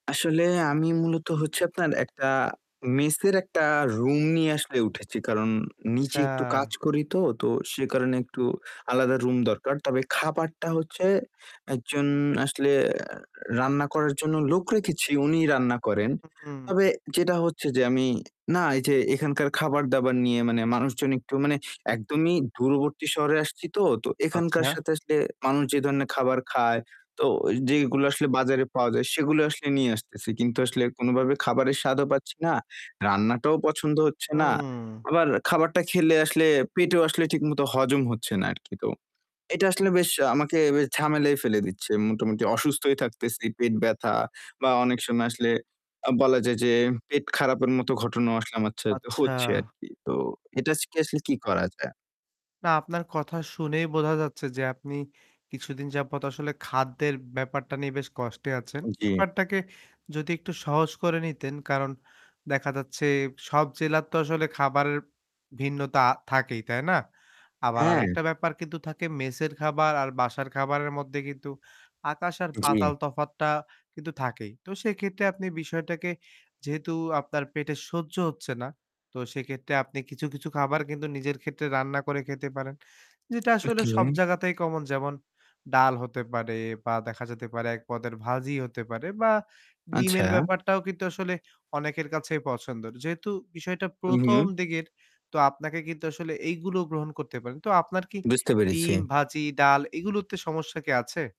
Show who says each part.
Speaker 1: আসলে আমি মূলত হচ্ছে আপনার একটা মেসের একটা রুম নিয়ে আসলে উঠেছি। কারণ নিচে
Speaker 2: আচ্ছা।
Speaker 1: একটু কাজ করিতো, তো সে কারণে একটু আলাদা রুম দরকার। তবে খাবারটা হচ্ছে একজন আসলে অ্যা রান্না করার জন্য লোক রেখেছি, উনিই রান্না করেন।
Speaker 2: হুম,
Speaker 1: তবে
Speaker 2: হুম।
Speaker 1: যেটা হচ্ছে যে আমি না এই যে এখানকার খাবার-দাবার নিয়ে মানে মানুষজন একটু মানে একদমই দূরবর্তী শহরে আসছিতো, তো এখানকার
Speaker 2: আচ্ছা।
Speaker 1: সাথে আসলে মানুষ যে ধরনের খাবার খায়, তো ওই যেইগুলো আসলে বাজারে পাওয়া যায়, সেগুলো আসলে নিয়ে আসতেছি। কিন্তু আসলে কোনোভাবে খাবারের স্বাদও পাচ্ছি না, রান্নাটাও পছন্দ হচ্ছে না,
Speaker 2: হুম।
Speaker 1: আবার খাবারটা খেলে আসলে পেটেও আসলে ঠিকমতো হজম হচ্ছে না আর কি। তো এটা আসলে বেশ আমাকে বেশ ঝামেলায় ফেলে দিচ্ছে। মোটামুটি অসুস্থই থাকতেছি, পেট ব্যথা বা অনেক সময় আসলে আ বলা যায় যে পেট খারাপের মতো ঘটনাও আসলে আমার ছাতে
Speaker 2: আচ্ছা।
Speaker 1: হচ্ছে আরকি। তো এটা স কে আসলে কি করা যায়?
Speaker 2: না আপনার কথা শুনেই বোঝা যাচ্ছে যে আপনি কিছুদিন যাবত আসলে খাদ্যের ব্যাপারটা নিয়ে বেশ কষ্টে আছেন।
Speaker 1: জি।
Speaker 2: ব্যাপারটাকে যদি একটু সহজ করে নিতেন। কারন দেখা যাচ্ছে সব জেলার তো আসলে খাবারের ভিন্নতা থাকেই তাই না? আবার
Speaker 1: হ্যাঁ।
Speaker 2: আরেকটা ব্যাপার কিন্তু থাকে, মেসের খাবার আর বাসার খাবারের মধ্যে কিন্তু আকাশ আর পাতাল
Speaker 1: জি।
Speaker 2: তফাৎটা কিন্তু থাকেই। তো সেক্ষেত্রে আপনি বিষয়টাকে যেহেতু আপনার পেটে সহ্য হচ্ছে না। তো সেক্ষেত্রে আপনি কিছু, কিছু খাবার কিন্তু নিজের ক্ষেত্রে রান্না করে খেতে পারেন। যেটা আসলে সব
Speaker 1: ওকে।
Speaker 2: জায়গাতেই কমন। যেমন ডাল হতে পারে বা দেখা যেতে পারে এক পদের ভাজি হতে পারে বা ডিমের
Speaker 1: আচ্ছা।
Speaker 2: ব্যাপারটাও কিন্তু আসলে অনেকের কাছেই পছন্দর। যেহেতু বিষয়টা
Speaker 1: হু, হু।
Speaker 2: ১ম দিকের, তো আপনাকে কিন্তু আসলে এইগুলো গ্রহণ করতে পারেন। তো আপনার কি
Speaker 1: বুঝতে পেরেছি।
Speaker 2: ডিম, ভাজি, ডাল এইগুলোতে সমস্যা কি আছে?